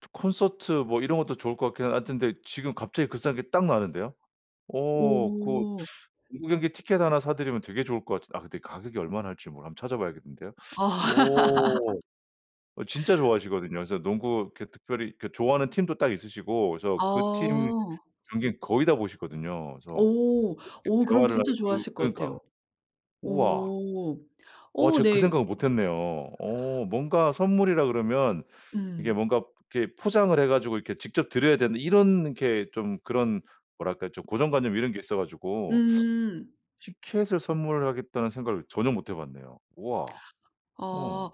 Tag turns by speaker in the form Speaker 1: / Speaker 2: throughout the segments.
Speaker 1: 저 콘서트 뭐 이런 것도 좋을 것 같긴 아 근데 지금 갑자기 그 싼 게 딱 나왔는데요. 오. 고
Speaker 2: 오.
Speaker 1: 농구 경기 티켓 1 사드리면 되게 좋을 것 같은 아 근데 가격이 얼마 할지 몰라 한번 찾아 봐야겠는데요.
Speaker 2: 아.
Speaker 1: 오. 어 진짜 좋아하시거든요. 그래서 농구 이렇게 특별히 좋아하는 팀도 딱 있으시고 그래서 그 팀
Speaker 2: 어.
Speaker 1: 경기 거의 다 보시거든요. 그래서 그
Speaker 2: 오. 오
Speaker 1: 이
Speaker 2: 그럼
Speaker 1: 대화를 하면
Speaker 2: 진짜
Speaker 1: 그
Speaker 2: 좋아하실 것 같아요.
Speaker 1: 그러니까. 우와.
Speaker 2: 오.
Speaker 1: 와
Speaker 2: 오
Speaker 1: 제가
Speaker 2: 네.
Speaker 1: 그 생각을 못했네요. 어 뭔가 선물이라 그러면 이게
Speaker 2: 음.
Speaker 1: 뭔가 이렇게 포장을 해 가지고 이렇게 직접 드려야 되는데 이런 게 좀 그런 뭐랄까 좀 고정관념 이런 게 있어 가지고
Speaker 2: 음.
Speaker 1: 티켓을 선물하겠다는 생각을 전혀 못 해 봤네요. 우와. 어.
Speaker 2: 아.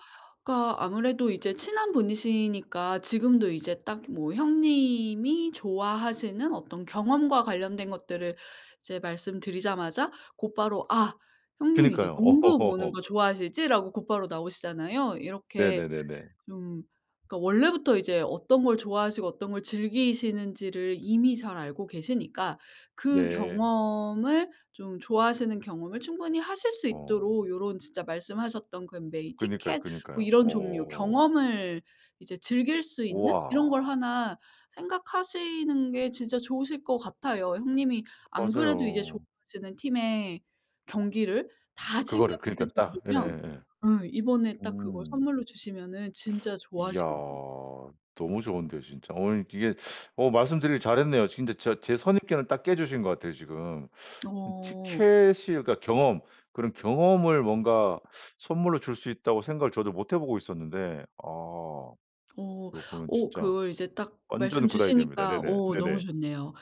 Speaker 2: 그러니까 아무래도 이제 친한 분이시니까 지금도 이제 딱 뭐 형님이 좋아하시는 어떤 경험과 관련된 것들을 이제 말씀드리자마자 곧바로 "아 형님 이제
Speaker 1: 그니까요.
Speaker 2: 농구 보는 거 좋아하시지?"라고 곧바로 나오시잖아요. 이렇게
Speaker 1: 네네네네.
Speaker 2: 좀 그러니까 원래부터 이제 어떤 걸 좋아하시고 어떤 걸 즐기시는지를 이미 잘 알고 계시니까 그
Speaker 1: 네.
Speaker 2: 경험을 좀 좋아하시는 경험을 충분히 하실 수
Speaker 1: 어.
Speaker 2: 있도록 요런 진짜 말씀하셨던 그 메이
Speaker 1: 그니까요,
Speaker 2: 티켓 뭐
Speaker 1: 그니까요.
Speaker 2: 이런 종류
Speaker 1: 어.
Speaker 2: 경험을 이제 즐길 수 있는 이런 걸
Speaker 1: 우와.
Speaker 2: 1 생각하시는 게 진짜 좋으실 것 같아요. 형님이 안 그래도 이제
Speaker 1: 맞아요.
Speaker 2: 좋아하시는 팀의 경기를 다 챙겨
Speaker 1: 그거를.
Speaker 2: 보실
Speaker 1: 그러니까 딱.
Speaker 2: 정도면
Speaker 1: 예예예.
Speaker 2: 음 이번에 딱 그걸
Speaker 1: 음.
Speaker 2: 선물로 주시면은 진짜
Speaker 1: 이야.
Speaker 2: 좋아하시겠네요.
Speaker 1: 너무 좋은데 진짜. 어 이게 어 말씀드리기를 잘했네요. 진짜 저 제 선입견을 딱 깨주신 것 같아요 지금. 음
Speaker 2: 어.
Speaker 1: 티켓이 그러니까 경험 그런 경험을 뭔가 선물로 줄 수 있다고 생각을 저도 못 해 보고 있었는데 아
Speaker 2: 어.
Speaker 1: 요거는
Speaker 2: 어
Speaker 1: 진짜
Speaker 2: 그걸 이제 딱 말씀
Speaker 1: 완전 good idea입니다.
Speaker 2: 주시니까
Speaker 1: 네네.
Speaker 2: 어 너무
Speaker 1: 네네.
Speaker 2: 좋네요.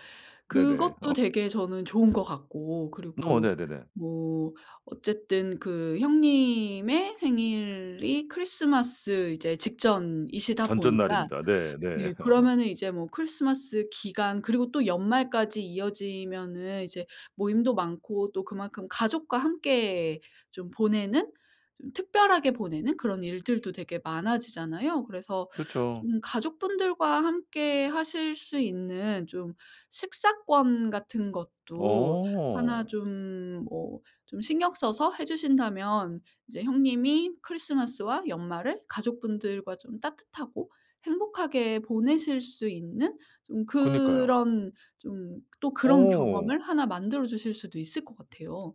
Speaker 1: 네네.
Speaker 2: 그것도
Speaker 1: 어.
Speaker 2: 되게 저는 좋은 것 같고
Speaker 1: 어.
Speaker 2: 그리고
Speaker 1: 네네네.
Speaker 2: 뭐 어쨌든 그 형님의 생일이 크리스마스 이제 직전이시다 보니까
Speaker 1: 전전날입니다. 네. 네.
Speaker 2: 예
Speaker 1: 어.
Speaker 2: 그러면은 이제 뭐 크리스마스 기간 그리고 또 연말까지 이어지면은 이제 모임도 많고 또 그만큼 가족과 함께 좀 보내는 좀 특별하게 보내는 그런 일들도 되게 많아지잖아요. 그래서
Speaker 1: 그쵸.
Speaker 2: 좀 가족분들과 함께 하실 수 있는 좀 식사권 같은 것도 1
Speaker 1: 어.
Speaker 2: 좀 뭐 좀 신경 써서 해 주신다면 이제 형님이 크리스마스와 연말을 가족분들과 좀 따뜻하고 행복하게 보내실 수 있는 좀
Speaker 1: 그니까요.
Speaker 2: 그런 좀 또 그런
Speaker 1: 어.
Speaker 2: 경험을 1 만들어 주실 수도 있을 것 같아요.